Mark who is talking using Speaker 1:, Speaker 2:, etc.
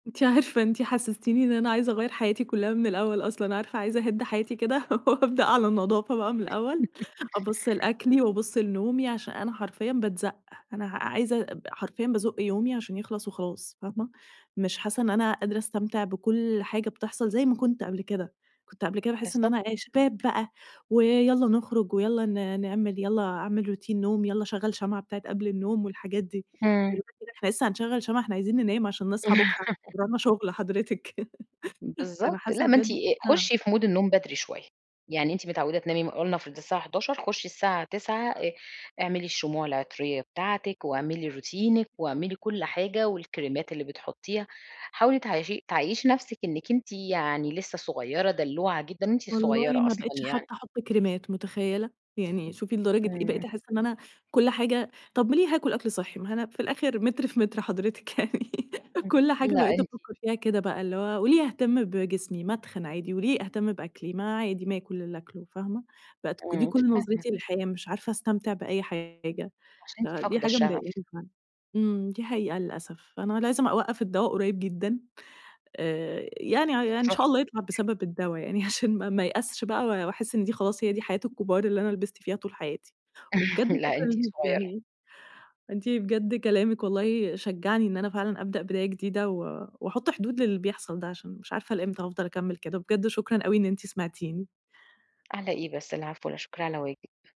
Speaker 1: أنتِ عارفة أنتِ حسستيني إن أنا عايزة أغيَّر حياتي كلها من الأول أصلًا، عارفة، عايزة أهِدّ حياتي كده وأبدأ على نضافة بقى من الأول، أبُصّ لأكلي وأبُصّ لنومي، علشان أنا حرفيًا باتزَقّ، أنا ع عايزة ب حرفيًا بازُق يومي علشان يخلص وخلاص، فاهمة؟ مش حاسة إن أنا قادرة أستمتع بكل حاجة بتحصل زي ما كُنت قبل كده، كُنت قبل كده باحس إن
Speaker 2: بالضبط.
Speaker 1: أنا إيه، شباب بقى ويالّا نخرج ويالّا ن نعمل، يالّا أعمل روتين نوم، يالّا أشغل شمعة بتاعة قبل النوم والحاجات دي،
Speaker 2: امم.
Speaker 1: دلوقتي بقى إحنا لسه هنشغل شمعة؟ إحنا عايزين ننام علشان نصحى بكرة ورانا شغل حضرتِك، فأنا
Speaker 2: بالضبط، لأ،
Speaker 1: حاسة
Speaker 2: ما أنتِ
Speaker 1: بجد آه.
Speaker 2: خشي في مود النوم بدري شوية، يعني أنتِ متعودة تنامي م ولنفرض الساعة 23:00، خشي الساعة 21:00، آآ اعملي الشموع العطرية بتاعتِك، واعملي روتينِك، واعملي كل حاجة، والكريمات اللي بتحطيها، حاولي تعايشي تعيّشي نفسك إنِك أنتِ يعني لسه صغيرة دلوعة جدًا، أنتِ
Speaker 1: والله
Speaker 2: صغيرة
Speaker 1: ما
Speaker 2: أصلًا
Speaker 1: بقتش
Speaker 2: يعني.
Speaker 1: حتى أحط كريمات، متخيلة؟ يعني، شوفي لدرجة إيه
Speaker 2: امم.
Speaker 1: بقيت أحس إن أنا كل حاجة، طب م ليه هاكل أكل صحي؟ ما هو أنا في الأخر متر في متر حضرتِك يعني،
Speaker 2: امم
Speaker 1: كل
Speaker 2: [unintelligible]
Speaker 1: حاجة
Speaker 2: لأ
Speaker 1: بقيت
Speaker 2: ان
Speaker 1: أفكر فيها كده بقى اللي هو: وليه أهتم بجسمي؟ ما اتخن عادي، وليه أهتم بأكلي؟ ما عادي ما آكل اللي أكله، فاهمة؟ بقت ك دي
Speaker 2: امم،
Speaker 1: كل
Speaker 2: فاهمة.
Speaker 1: نظرتي للحياة، مش عارفة أستمتع بأي حاجة،
Speaker 2: عشان أنتِ
Speaker 1: دي
Speaker 2: فاقدة
Speaker 1: حاجة مضايقاني
Speaker 2: الشغف.
Speaker 1: فعلًا، امم دي حقيقة للأسف. أنا لازم أوقف الدوا قريب جدًا، آآ يعني ع يع إن شاء الله يطلع
Speaker 2: [unintelligible]
Speaker 1: بسبب الدوا يعني عشان ما ما ايأسش بقى وأحس إن دي خلاص هي دي حياة الكبار اللي أنا لبست فيها طول حياتي، وبجد
Speaker 2: لأ أنتِ
Speaker 1: شكرًا ليكِ
Speaker 2: صغيرة.
Speaker 1: يعني، أنتِ بجد كلامِك والله شجعني إن أنا فعلًا أبدأ بداية جديدة و واحط حدود للي بيحصل ده عشان مش عارفة لإمتى هافضل أكمل كده، بجد شكرًا أوي إن أنتِ سمعتيني.
Speaker 2: علي إيه بس، العفو، لا شكر على واجب.